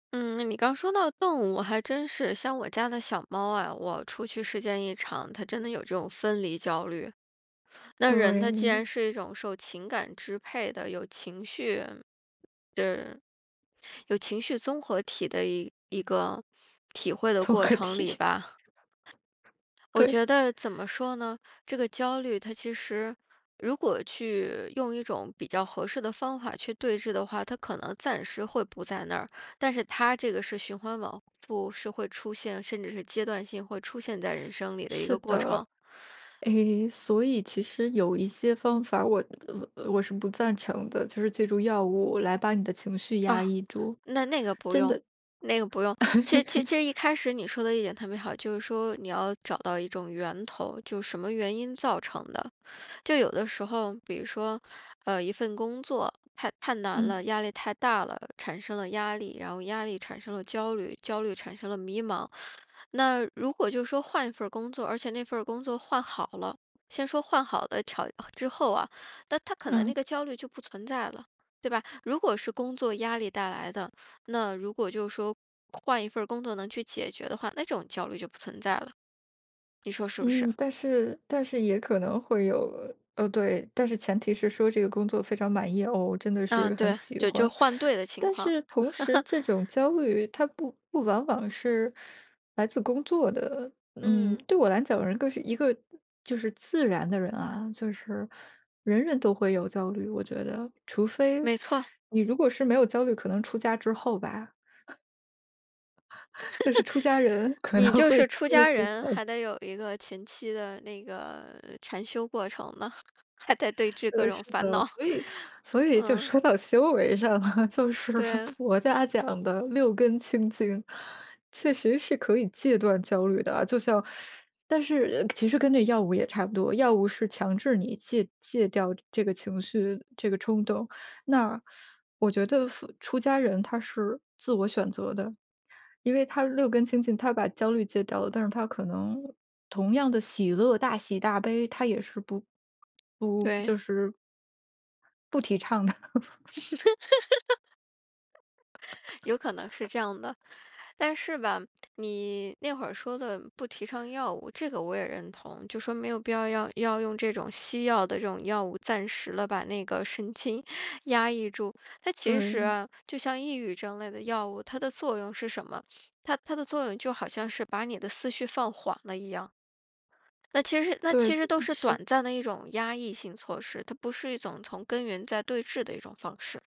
嗯，那你刚说到动物，还真是。像我家的小猫啊，我出去时间一长，它真的有这种分离焦虑。那人他既对。然是一种受情感支配的，有情绪是有情绪综合体的一一个，体会的综过合程体。里 吧。我对。觉得怎么说呢？这个焦虑它其实如果去用一种比较合适的方法去对峙的话，它可能暂时会不在那儿。但是它这个是循环往复是会出现甚至是阶段性会出现在人生里的一是个过的。程。诶，所以其实有一些方法我呃呃，我是不赞成的。就是借助药物来把你的情绪压啊，抑住，那那个不真用的那个不用。其其其实一 开始你说的一点特别好，就是说你要找到一种源头，就什么原因造成的？就有的时候比如说，呃，一份工作太太难嗯。了，压力太大了，产生了压力，然后压力产生了焦虑，焦虑产生了迷茫。那如果就说换一份儿工作，而且那份儿工作换好了先说换好了条之后啊，那它可能嗯。那个焦虑就不存在了，对吧？如果是工作压力带来的，那如果就说换一份儿工作能去解决的话，那种焦虑就不存在了，你说是不是？嗯，但是但是也可能会有呃，对，但是前提是说"这个工作非常满意，哦，我真的嗯，是很对，喜就就欢"。换对的情但况。是同时 这种焦虑它不不往往是 来自工作的嗯，嗯。对我来讲，人更是一个就是自然的人啊就是，人人都会有焦虑，我觉得。除非没错。你如果是没有焦虑，可能出家之后吧。就是出家人 可能你就会是焦出虑家会人，小些。还得有一个前期的那个禅修过程呢，还得对峙各对，是种烦的。恼，所以 所以就嗯。说到修为上了，就是对啊。佛家讲的六根清净，确实是可以戒断焦虑的啊。就像 但是呃其实跟这药物也差不多，药物是强制你戒戒掉这这个情绪这个冲动。那 我觉得服出家人他是，自我选择的。因为他六根清净，他把焦虑戒掉了，但是他可能，同样的喜乐，大喜、大悲，他也是不不对。就是不提倡的。有可能是这样的。但是吧，你那会儿说的不提倡药物，这个我也认同。就说没有必要要要用这种西药的这种药物，暂时地把那个神经压抑住。它其实对。啊，就像抑郁症类的药物，它的作用是什么？它它的作用就好像是把你的思绪放缓了一样。那其实那对，其这实都嗯，是是短暂的一种压抑性措施，它不是一种从根源在对峙的一种方式。